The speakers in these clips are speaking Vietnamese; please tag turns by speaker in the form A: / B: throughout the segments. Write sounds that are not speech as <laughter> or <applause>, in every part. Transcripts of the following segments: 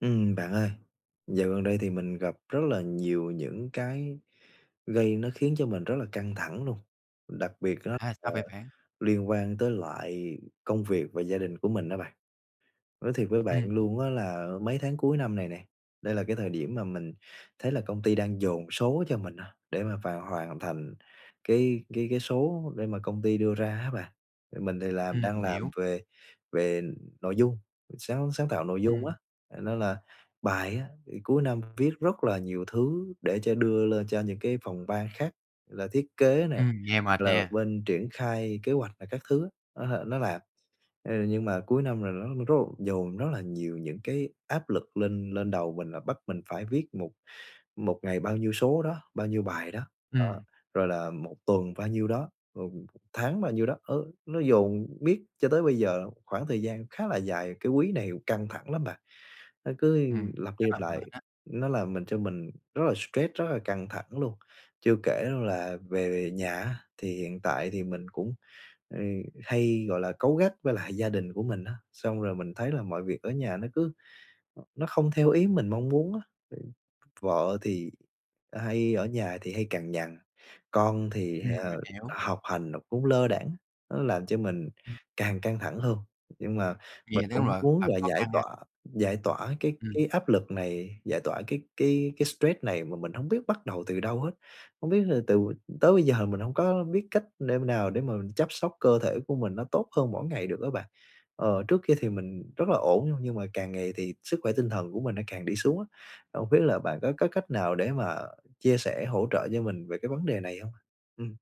A: Ừm. Bạn ơi, dạo gần đây thì mình gặp rất là nhiều những cái gây nó khiến cho mình rất là căng thẳng luôn, đặc biệt đó
B: À,
A: là
B: sao vậy bạn?
A: liên quan tới lại công việc và gia đình của mình đó bạn. Nói thiệt với bạn
B: Ừm.
A: luôn á là mấy tháng cuối năm này nè, đây là cái thời điểm mà mình thấy là công ty đang dồn số cho mình á, để mà vào hoàn thành cái cái cái số để mà công ty đưa ra á bạn. Mình thì làm
B: Ừm.
A: đang
B: Mình
A: làm
B: hiểu.
A: về về nội dung sáng sáng tạo nội dung á,
B: Ừm.
A: nên là bài á thì cuối năm viết rất là nhiều thứ để trên đưa lên cho những cái phòng ban khác, là thiết kế này,
B: Ừm. Nghe mệt
A: là
B: nha!
A: bên triển khai kế hoạch này các thứ á, nó nó làm. Ờ, nhưng mà cuối năm là nó rất là dồn rất là nhiều những cái áp lực lên lên đầu mình, là bắt mình phải viết một một ngày bao nhiêu số đó, bao nhiêu bài đó, đó,
B: Ừm.
A: rồi là 1 tuần bao nhiêu đó, rồi 1 tháng bao nhiêu đó. Ờ, nó dồn miết cho tới bây giờ khoảng thời gian khá là dài, cái quý này căng thẳng lắm bạn, nó cứ
B: Ừm.
A: lặp đi
B: Rất
A: lặp
B: là
A: lại,
B: mệt á!
A: nó làm mình cho mình rất là stress, rất là căng thẳng luôn. Chưa kể là về nhà á, thì hiện tại thì mình cũng, ừ, hay, gọi là, cáu gắt với lại gia đình của mình á, xong rồi mình thấy là mọi việc ở nhà nó cứ nó không theo ý mình mong muốn á. Vợ thì hay ở nhà thì hay cằn nhằn, con thì,
B: Ừm. Mình
A: ờ,
B: hiểu.
A: học hành nó cũng lơ đãng, nó làm cho mình càng căng thẳng hơn. Nhưng mà
B: Vây
A: mình
B: là đúng
A: cũng
B: rồi,
A: muốn
B: thật
A: là
B: khó
A: giải
B: khăn ha!
A: tỏa giải tỏa cái
B: Ừm.
A: cái áp lực này, giải tỏa cái cái cái stress này mà mình hổng biết bắt đầu từ đâu hết. Không biết là từ tới bây giờ mình hông có biết cách đêm nào để mà chăm sóc cơ thể của mình nó tốt hơn mỗi ngày được á bạn. Ờ, trước kia thì mình rất là ổn nha, nhưng mà càng ngày thì sức khỏe tinh thần của mình nó càng đi xuống á, không biết là bạn có có cách nào để mà chia sẻ hỗ trợ cho mình về cái vấn đề này hông? Ừm.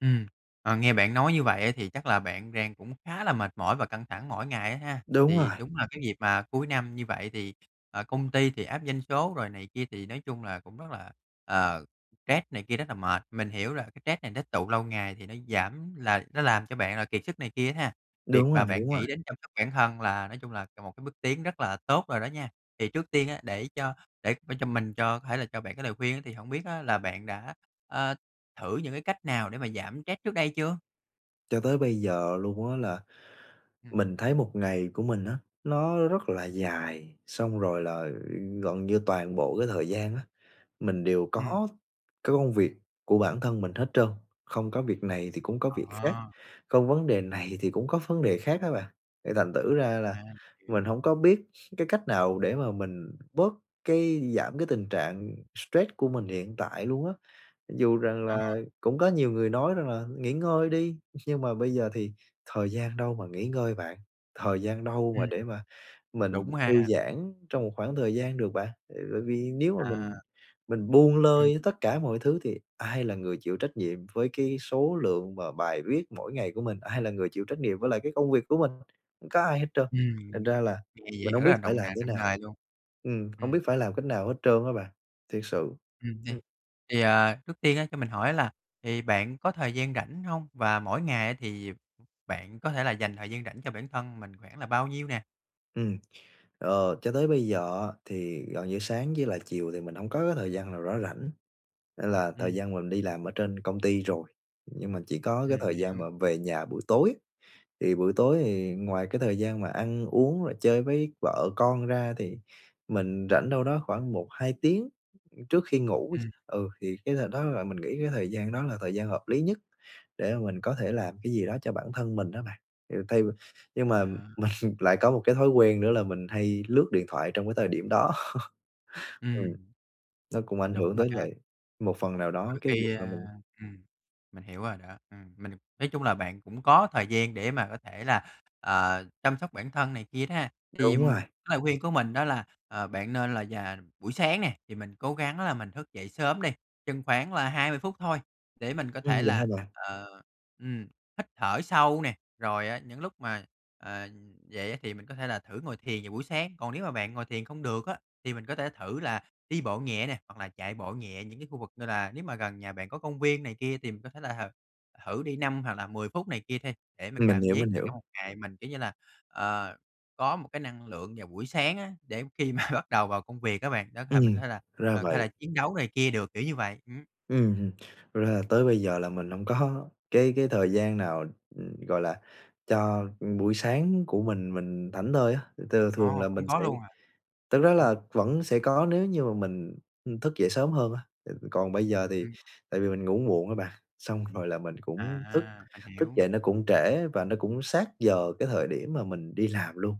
B: Ừm. À, nghe bạn nói như vậy á thì chắc là bạn đang cũng khá là mệt mỏi và căng thẳng mỗi ngày á ha?
A: Đúng
B: Thì
A: rồi.
B: đúng là cái việc mà cuối năm như vậy thì, ờ, công ty thì áp doanh số rồi này kia thì nói chung là cũng rất là, ờ, stress này kia, rất là mệt. Mình hiểu là cái stress này nó tụ lâu ngày thì nó giảm là nó làm cho bạn là kiệt sức này kia á ha, việc
A: Đúng
B: mà
A: rồi, à,
B: bạn
A: đúng rồi.
B: nghĩ đến chăm sóc bản thân là nói chung là một cái bước tiến rất là tốt rồi đó nha. Thì trước tiên á để cho để để cho mình cho có thể là cho bạn cái lời khuyên á thì hổng biết á là bạn đã, a, thử những cái cách nào để mà giảm stress trước đây chưa?
A: Cho tới bây giờ luôn á là
B: Ừm.
A: mình thấy một ngày của mình á nó rất là dài, xong rồi là gần như toàn bộ cái thời gian á, mình đều
B: Ừm
A: có cái công việc của bản thân mình hết trơn, không có việc này thì cũng có việc khác,
B: À!
A: không vấn đề này thì cũng có vấn đề khác á bạn, thì thành thử ra là
B: À,
A: mình
B: hiểu.
A: hổng có biết cái cách nào để mà mình bớt cái giảm cái tình trạng stress của mình hiện tại luôn á. Dù rằng
B: Ờ.
A: là cũng có nhiều người nói rằng là nghỉ ngơi đi, <laughs> nhưng mà bây giờ thì thời gian đâu mà nghỉ ngơi bạn, thời gian đâu mà
B: Ừm.
A: để mà mình
B: Đúng
A: thư
B: ha.
A: giãn trong một khoảng thời gian được bạn? À, tại vì nếu mà mình
B: À.
A: mình buông
B: Ừm.
A: lơi tất cả mọi thứ thì ai là người chịu trách nhiệm với cái số lượng và bài viết mỗi ngày của mình, ai là người chịu trách nhiệm với lại cái công việc của mình có ai hết trơn, thành
B: Ừm,
A: ra là
B: thì vậy
A: mình
B: thật
A: hông
B: ra rất
A: biết
B: là
A: phải
B: động
A: làm
B: nặng
A: thế
B: nặng
A: nào
B: nề luôn.
A: ừm, hổng
B: Ừm.
A: biết phải làm cách nào hết trơn á bạn, thiệt sự!
B: Ừm, nè,
A: Ừm.
B: thì, ờ, trước tiên á cho mình hỏi á là thì bạn có thời gian rảnh hông và mỗi ngày á, thì bạn có thể là dành thời gian rảnh cho bản thân mình khoảng là bao nhiêu nè?
A: Ừm, ờ, cho tới bây giờ á thì gần như sáng với lại chiều thì mình hông có cái thời gian nào nó rảnh, nên là thời
B: Ừm.
A: gian mà mình đi làm ở trên công ty rồi, nhưng mà chỉ có cái
B: Ừm,
A: thời
B: mình hiểu.
A: gian mà về nhà buổi tối, thì buổi tối thì ngoài cái thời gian mà ăn uống và chơi với vợ con ra thì mình rảnh đâu đó khoảng 1-2 tiếng trước khi ngủ.
B: Ừm.
A: Ừ, thì cái thời đó là mình nghĩ cái thời gian đó là thời gian hợp lý nhất để mà mình có thể làm cái gì đó cho bản thân mình á bạn. Kiểu thay nhưng mà
B: À.
A: mình lại có một cái thói quen nữa là mình hay lướt điện thoại trong cái thời điểm đó. Ừm,
B: Ừm.
A: nó cũng ảnh
B: Đúng
A: hưởng
B: rồi
A: tới
B: ha.
A: lại một phần nào đó
B: Đôi
A: cái việc
B: khi,
A: mà
B: à,
A: mình
B: ừm, mình hiểu rồi đó. Ừm, mình nói chung là bạn cũng có thời gian để mà có thể là, ờ, chăm sóc bản thân này kia đó ha. Thì
A: Đúng rồi.
B: cái lời khuyên của mình đó là, ờ, bạn nên là dà buổi sáng nè, thì mình cố gắng là mình thức dậy sớm đi, chừng khoảng là 20 phút thôi để mình có
A: Ừm,
B: thể
A: vậy hả
B: là,
A: bạn?
B: ờ, ừm, hít thở sâu nè. Rồi á những lúc mà, ờ, dậy á thì mình có thể là thử ngồi thiền vào buổi sáng, còn nếu mà bạn ngồi thiền không được á thì mình có thể thử là đi bộ nhẹ nè, hoặc là chạy bộ nhẹ những cái khu vực như là nếu mà gần nhà bạn có công viên này kia, thì mình có thể là thử đi 5 hoặc là 10 phút này kia đi, để mình
A: Mình
B: cảm
A: hiểu,
B: giác
A: mình
B: là trong
A: hiểu.
B: một ngày mình, kiểu như là, ờ, có một cái năng lượng vào buổi sáng á, để khi mà bắt đầu vào công việc á bạn, đó thể mình
A: Ừm,
B: thế là,
A: ra
B: ờ, hay là
A: vậy.
B: chiến đấu này kia được, kiểu như vậy, ừm.
A: Ừm, ừm. Thật ra là tới bây giờ là mình hông có cái cái thời gian nào gọi là cho buổi sáng của mình mình thảnh thơi á. Thật ra là thường
B: Ồ,
A: là mình
B: không có
A: sẽ
B: luôn à?
A: thực ra là
B: Ừm.
A: vẫn sẽ có nếu như mà mình, ưm, thức dậy sớm hơn á, còn bây giờ thì
B: Ừm.
A: tại vì mình ngủ muộn á bạn, xong rồi là mình cũng thức
B: À, mình
A: thức
B: hiểu.
A: dậy nó cũng trễ và nó cũng sát giờ cái thời điểm mà mình đi làm luôn.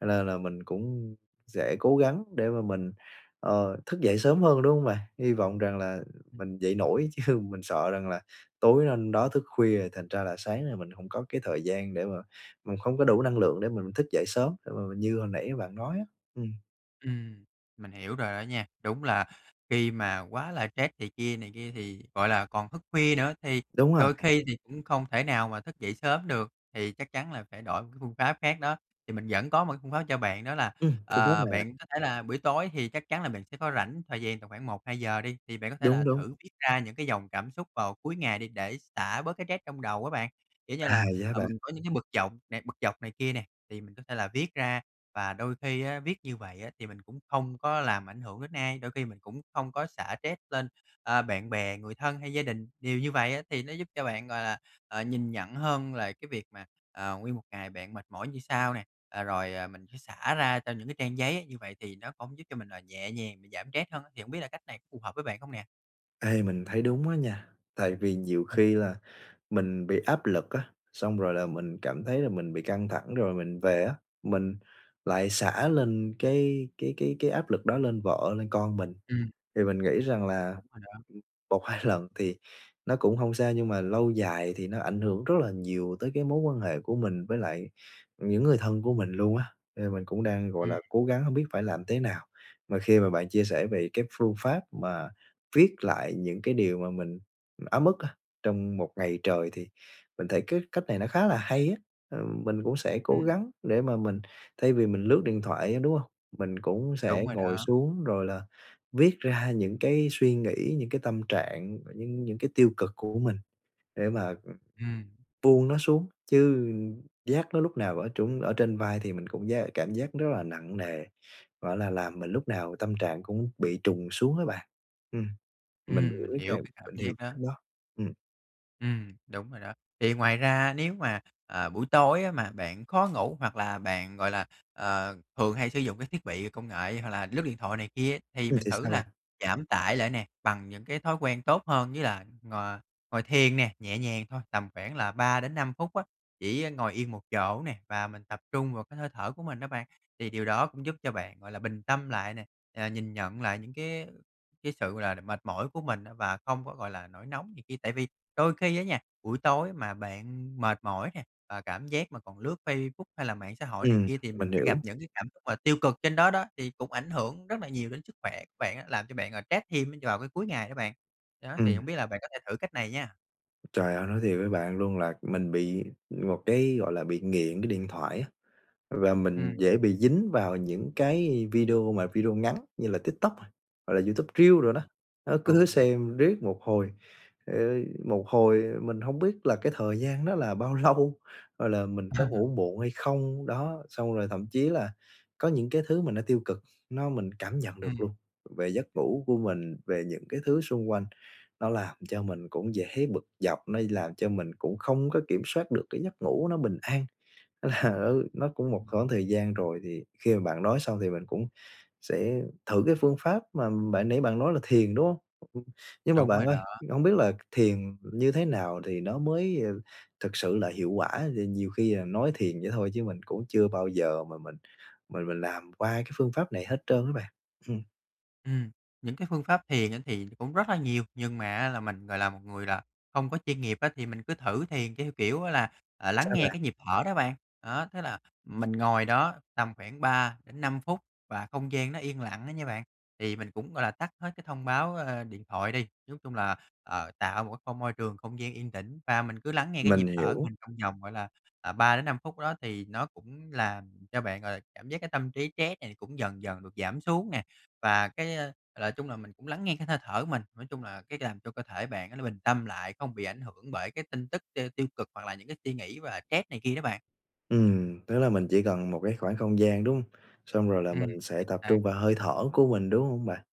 A: Cho nên là mình cũng sẽ cố gắng để mà mình, ờ, thức dậy sớm hơn, đúng hông bạn? Hy vọng rằng là mình dậy nổi, chứ mình sợ rằng là tối hôm đó thức khuya rồi thành ra là sáng là mình hông có cái thời gian để mà mình hông có đủ năng lượng để mình thức dậy sớm, để mà mình như hồi nãy bạn nói á, ừm.
B: Ừm, mình hiểu rồi đó nha. Đúng là khi mà quá là stress này kia này kia thì gọi là, còn thức khuya nữa thì
A: Đúng rồi.
B: đôi khi thì cũng không thể nào mà thức dậy sớm được, thì chắc chắn là phải đổi một cái phương pháp khác đó, thì mình vẫn có một cái phương pháp cho bạn đó là,
A: Ừm, phương pháp
B: ờ,
A: nào bạn?
B: bạn có thể là buổi tối thì chắc chắn là bạn sẽ có rảnh thời gian tầm khoảng 1-2 giờ đi, thì bạn có thể là
A: Đúng, đúng.
B: thử viết ra những cái dòng cảm xúc vào cuối ngày đi để xả bớt cái stress trong đầu á bạn. Kiểu như
A: À,
B: là,
A: vậy hả
B: ờ,
A: bạn?
B: mình có những cái bực dọc bực dọc này kia nè, thì mình có thể là viết ra và đôi khi á, viết như vậy á thì mình cũng không có làm ảnh hưởng đến ai, đôi khi mình cũng không có xả stress lên, ơ, bạn bè, người thân hay gia đình. Điều như vậy á thì nó giúp cho bạn, gọi là, ờ, nhìn nhận hơn là cái việc mà, ờ, nguyên một ngày bạn mệt mỏi như sao nè, ờ, rồi mình phải xả ra cho những cái trang giấy như vậy thì nó cũng giúp cho mình là nhẹ nhàng, giảm stress hơn á, thì hổng biết là cách này có phù hợp với bạn không nè?
A: Ê, mình thấy đúng á nha, tại vì nhiều
B: Ừm.
A: khi là mình bị áp lực á, xong rồi là mình cảm thấy là mình bị căng thẳng rồi mình về á mình lại xả lên cái cái cái cái áp lực đó lên vợ, lên con mình.
B: Ừm.
A: Thì mình nghĩ rằng là
B: Đúng rồi đó.
A: 1-2 lần thì nó cũng hông sao nhưng mà lâu dài thì nó ảnh hưởng rất là nhiều tới cái mối quan hệ của mình với lại những người thân của mình luôn á, nên mình cũng đang, gọi
B: Ừm.
A: là, cố gắng hông biết phải làm thế nào. Mà khi mà bạn chia sẻ về cái phương pháp mà viết lại những cái điều mà mình ấm ức á, trong một ngày trời thì mình thấy cái cách này nó khá là hay á, ờ, mình cũng sẽ cố
B: Ừm.
A: gắng để mà mình thay vì mình lướt điện thoại á, đúng hông? Mình cũng sẽ
B: Đúng rồi
A: ngồi
B: đó.
A: xuống rồi là viết ra những cái suy nghĩ, những cái tâm trạng, những những cái tiêu cực của mình để mà
B: Ừm.
A: buông nó xuống, chứ vác nó lúc nào ở trên ở trên vai thì mình cũng giác cảm giác rất là nặng nề, gọi là, làm mình lúc nào tâm trạng cũng bị trùng xuống á bạn. Ừm, mình
B: Ừm,
A: hiểu
B: mình
A: cái
B: hiểu
A: cam
B: cái cảm
A: mình hiểu
B: giác đó.
A: cảnh đó, ừm.
B: Ừm, đúng rồi đó. Thì ngoài ra nếu mà, à, buổi tối á mà bạn khó ngủ hoặc là bạn, gọi là, ờ, thường hay sử dụng cái thiết bị công nghệ hoặc là lướt điện thoại này kia, thì
A: Ừ,
B: mình
A: thì
B: thử
A: sao
B: là
A: bạn?
B: giảm tải lại nè, bằng những cái thói quen tốt hơn như là ngồi ngồi thiền nè, nhẹ nhàng, thôi tầm khoảng là 3-5 phút á, chỉ á ngồi yên một chỗ nè và mình tập trung vào cái hơi thở của mình đó bạn. Thì điều đó cũng giúp cho bạn, gọi là, bình tâm lại nè, ờ, nhìn nhận lại những cái cái sự, gọi là, mệt mỏi của mình á và không có, gọi là, nổi nóng này kia. Tại vì đôi khi á nha, buổi tối mà bạn mệt mỏi nè và cảm giác mà còn lướt Facebook hay là mạng xã hội này
A: Ừm,
B: kia thì m
A: mình
B: sẽ gặp
A: hiểu.
B: những cái cảm xúc mà tiêu cực trên đó đó, thì cũng ảnh hưởng rất là nhiều đến sức khỏe bạn á, làm cho bạn, à, stress thêm á vào cái cuối ngày đó bạn, đó, thì
A: Ừm.
B: hông biết là bạn có thể thử cách này nha!
A: Trời ơi, nói thiệt với bạn luôn là mình bị một cái, gọi là, bị nghiện cái điện thoại á và mình
B: Ừm.
A: dễ bị dính vào những cái video mà video ngắn như là TikTok, hoặc là YouTube Reels đồ đó.
B: À,
A: Đó,
B: ừ,
A: cứ lướt
B: như vậy.
A: xem riết một hồi, ờ, một hồi mình hông biết là cái thời gian đó là bao lâu, hoặc là mình có
B: À.
A: ngủ muộn hay không, đó, xong rồi thậm chí là có những cái thứ mà nó tiêu cực nó mình cảm nhận được
B: Ừm.
A: luôn, về giấc ngủ của mình, về những cái thứ xung quanh, nó làm cho mình cũng dễ bực dọc, nó làm cho mình cũng không có kiểm soát được cái giấc ngủ nó bình an. Là nó nó cũng một khoảng thời gian rồi, thì khi mà bạn nói xong thì mình cũng sẽ thử cái phương pháp mà bạn nãy bạn nói là thiền, đúng không? Nhưng mà
B: Đúng
A: bạn
B: rồi
A: ơi,
B: đó.
A: hông biết là thiền như thế nào thì nó mới, ờ, thực sự là hiệu quả? Ờ, nhiều khi là nói thiền vậy thôi chứ mình cũng chưa bao giờ mà mình mình mình làm qua cái phương pháp này hết trơn á bạn, ừm.
B: Ừm, những cái phương pháp thiền á thì cũng rất là nhiều nhưng mà á là mình, gọi là, một người là không có chuyên nghiệp á, thì mình cứ thử thiền theo kiểu á là, à, lắng
A: Sao
B: nghe
A: bạn?
B: cái nhịp thở đó bạn. Đó, tức là mình ngồi đó tầm khoảng 3-5 phút và không gian nó yên lặng đó nha bạn, thì mình cũng, gọi là, tắt hết cái thông báo, ơ, điện thoại đi, chiếu chung là, ờ, tạo một cái không môi trường, không gian yên tĩnh và mình cứ lắng nghe cái nhịp
A: Mình
B: thở của
A: hiểu.
B: mình trong vòng, gọi là, à, 3-5 phút đó, thì nó cũng làm cho bạn, gọi là, cảm giác cái tâm trí stress này cũng dần dần được giảm xuống nè. Và cái, a, là chung là mình cũng lắng nghe cái hơi thở của mình, nói chung là cái làm cho cơ thể bạn nó nó bình tâm lại, không bị ảnh hưởng bởi cái tin tức t tiêu cực hoặc là những cái suy nghĩ và stress này kia đó bạn.
A: Ừm, tức là mình chỉ cần một cái khoảng không gian, đúng hông? Xong rồi là
B: Ừm,
A: mình sẽ
B: chính
A: tập
B: xác.
A: trung vào hơi thở của mình, đúng hông bạn?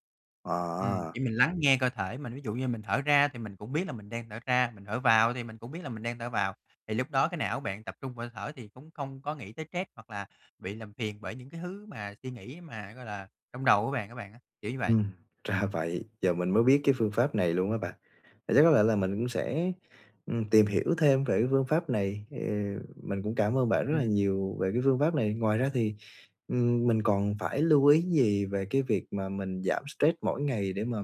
A: À!
B: Ừm, thì mình lắng nghe cơ thể mình, ví dụ như mình thở ra thì mình cũng biết là mình đang thở ra, mình thở vào ấy thì mình cũng biết là mình đang thở vào, thì lúc đó cái não bạn tập trung vào hơi thở thì cũng không có nghĩ tới stress hoặc là bị làm phiền bởi những cái thứ mà suy nghĩ mà, gọi là, trong đầu của bạn á bạn á, kiểu như vậy.
A: Ừm, ra vậy, giờ mình mới biết cái phương pháp này luôn á bạn, vậy chắc có lẽ là mình cũng sẽ, ừm, tìm hiểu thêm về cái phương pháp này, thì mình cũng cảm ơn bạn rất là
B: Ừm.
A: nhiều về cái phương pháp này. Ngoài ra thì, ừm, mình còn phải lưu ý gì về cái việc mà mình giảm stress mỗi ngày để mà,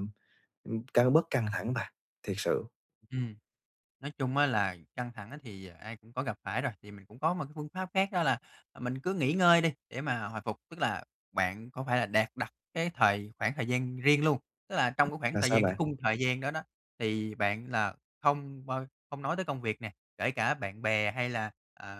A: ừ, căng bớt căng thẳng bạn? Thiệt sự
B: Ừm, nói chung á là căng thẳng á thì ai cũng có gặp phải rồi, thì mình cũng có một cái phương pháp khác đó là, ờ, mình cứ nghỉ ngơi đi để mà hồi phục. Tức là bạn có phải là đạt đặt cái thời khoảng thời gian riêng luôn, tức là trong cái khoảng
A: Là
B: thời
A: sao
B: gian, cái
A: bạn?
B: khung thời gian đó đó thì bạn là không bao không nói tới công việc nè, kể cả bạn bè hay là, ờ,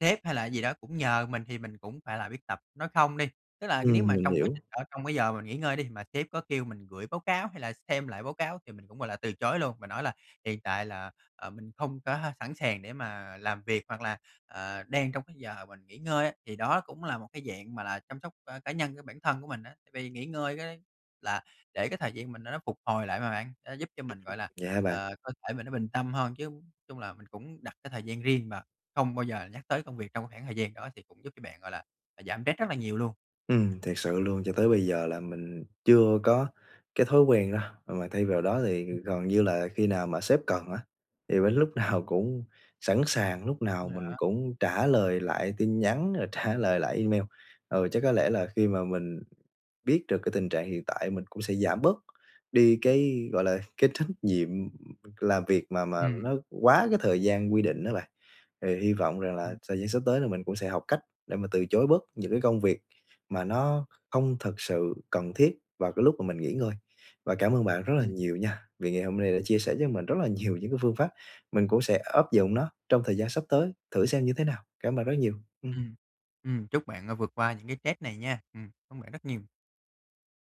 B: sếp hay là gì đó cũng nhờ mình thì mình cũng phải biết tập nói không đi. Tức là c nếu
A: Ừm,
B: mà
A: mình
B: trong quá
A: hiểu.
B: trình ở trong cái giờ mà mình nghỉ ngơi đi, mà sếp có kêu mình gửi báo báo hay là xem lại báo cáo thì mình cũng, gọi là, từ chối luôn, và nói là hiện tại là, à, mình không có h sẵn sàng để mà làm việc hoặc là, ờ, đang trong cái giờ mình nghỉ ngơi á, thì đó cũng là một cái dạng mà là chăm sóc, ơ, cá nhân của bản thân của mình á. Tại vì nghỉ ngơi cái là để cái thời gian mình nó nó phục hồi lại mà bạn, nó giúp cho mình, gọi là,
A: <unintelligible> Vậy hả bạn?
B: ờ, cơ thể mình nó bình tâm hơn, chứ chung là mình cũng đặt cái thời gian riêng và không bao giờ nhắc tới công việc trong cái khoảng thời gian đó, thì cũng giúp cho bạn, gọi là, à, giảm stress rất là nhiều luôn.
A: Ừm, thiệt sự luôn. Cho tới bây giờ là mình chưa có cái thói quen đó, mà thay vào đó thì
B: Ừm.
A: gần như là khi nào mà sếp cần á, thì mình lúc nào cũng sẵn sàng, lúc nào mình
B: Dạ.
A: cũng trả lời lại tin nhắn, rồi trả lời lại email. Ừ, chắc có lẽ là khi mà mình biết được cái tình trạng hiện tại mình cũng sẽ giảm bớt đi cái, gọi là, cái trách nhiệm, ừm, làm việc mà mà
B: Ừm.
A: nó quá cái thời gian quy định á bạn. Thì hy vọng rằng là
B: Ừm.
A: thời gian sắp tới là mình cũng sẽ học cách để mà từ chối bớt những cái công việc mà nó không thực sự cần thiết vào cái lúc mà mình nghỉ ngơi. Và cảm ơn bạn rất là
B: Ừm.
A: nhiều nha, vì ngày hôm nay đã chia sẻ cho mình rất là nhiều những cái phương pháp, mình cũng sẽ áp dụng nó trong thời gian sắp tới, thử xem như thế nào, cảm ơn rất nhiều. Ừm.
B: Ừm, ừm, chúc bạn, ơ, vượt qua những cái stress này nha. Ừm, cảm ơn bạn rất nhiều.